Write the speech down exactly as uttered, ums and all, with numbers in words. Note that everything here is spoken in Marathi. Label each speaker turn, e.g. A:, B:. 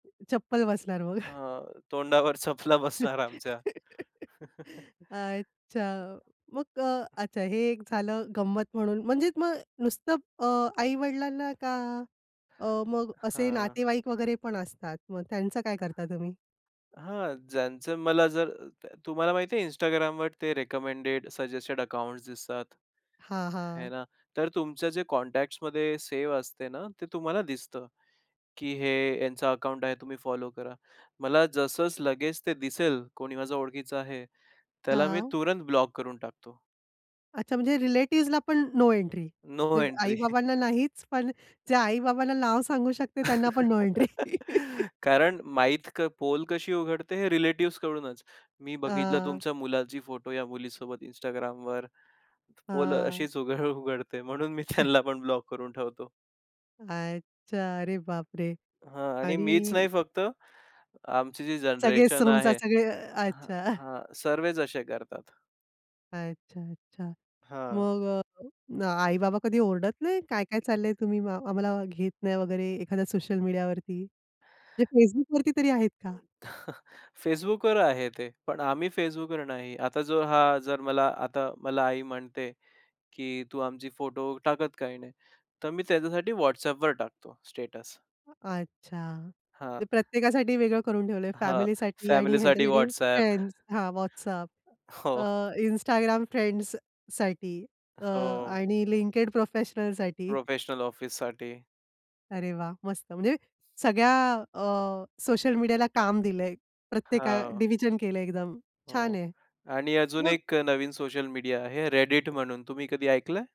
A: चप्पल बसणार मग.
B: अ, तोंडावर चपला बसणार आमच्या.
A: अच्छा. मग अ, अच्छा हे एक झालं गंमत म्हणून. म्हणजेच मग नुसतं अ, आई-वडिलांना का अ, मग असे
B: हां.
A: नातेवाईक वगैरे पण असतात. मग त्यांचं काय करता तुम्ही?
B: हां, ज्यांचं मला जर अ, तर तुम्हाला माहिती आहे Instagram वर ते रिकमेंडेड, सजेस्टेड अकाउंट्स दिसतात,
A: हां,
B: हे
A: हां.
B: ना. तर तुमचं जे कॉन्टॅक्ट्समध्ये सेव असते ना, ते तुम्हाला दिसतं, की हे यांचं अकाउंट आहे तुम्ही फॉलो करा. मला जसच लगेच ते दिसेल कोणी माझ्या ओळखीचं आहे, त्याला मी
A: हां.
B: तुरंत ब्लॉक करून टाकतो.
A: अच्छा म्हणजे रिलेटिव्हजला पण नो एंट्री.
B: नो
A: म्हणजे
B: एंट्री.
A: आई-बाबांना नाहीच पण जे आई-बाबांना नाव सांगू शकते त्यांना पण नो एंट्री.
B: कारण माहीत क पोल कशी उघडते हे रिलेटिव्हज कडूनच. मी बघितलं
A: अ
B: तुमच्या मुलाची फोटो या मुलीसोबत Instagram वर. पोल अ,
A: हां.
B: अशीच उघड उघडते म्हणून मी त्यांना पण ब्लॉक करून ठेवतो.
A: अच्छा. अरे बापरे!
B: हां आणि मीच
A: आणि
B: नाही फक्त, आमची जी
A: सगळे
B: जनरेशन
A: सहूंसा
B: आहे.
A: सगळे, अ,
B: हां,
A: अच्छा.
B: हां सर्वेच असे करतात.
A: अच्छा, अच्छा.
B: हां.
A: मग अ, आई-बाबा कधी ओरडत नाही काय-काय चाललं आहे तुम्ही? म आम्हाला घेत नाही वगैरे एखाद्या सोशल मीडियावरती.
B: अ,
A: म्हणजे Facebookवरती तरी आहेत का?
B: Facebookवर आहे ते पण आम्ही Facebookवर नाही. आता जो हा जर, मला आता मला आई म्हणते, की "तू आमची फोटो टाकत काही नाही?" तर मी त्यांच्यासाठी WhatsApp वर टाकतो स्टेटस
A: अच्छा.
B: हां.
A: ते प्रत्येकासाठी वेगळं करून ठेवलं आहे
B: हां
A: फॅमिलीसाठी आणि
B: फॅमिलीसाठी
A: ह्यांच्यासाठी
B: WhatsApp.
A: फ्रेंड्स. हां WhatsApp.
B: हो.
A: अ, Instagram फ्रेंड्ससाठी अ,
B: हो.
A: आणि LinkedIn प्रोफेशनलसाठी.
B: प्रोफेशनल ऑफिससाठी.
A: अरे वाह! मस्त. म्हणजे सगळ्या अ, सोशल मीडियाला काम दिलंय. प्रत्येका
B: हां.
A: डिव्हिजन केलं आहे एकदम, छान
B: हो
A: आहे.
B: आणि अजून
A: मग
B: एक अ, नवीन सोशल मीडिया आहे. Reddit म्हणून, तुम्ही कधी ऐकलंय?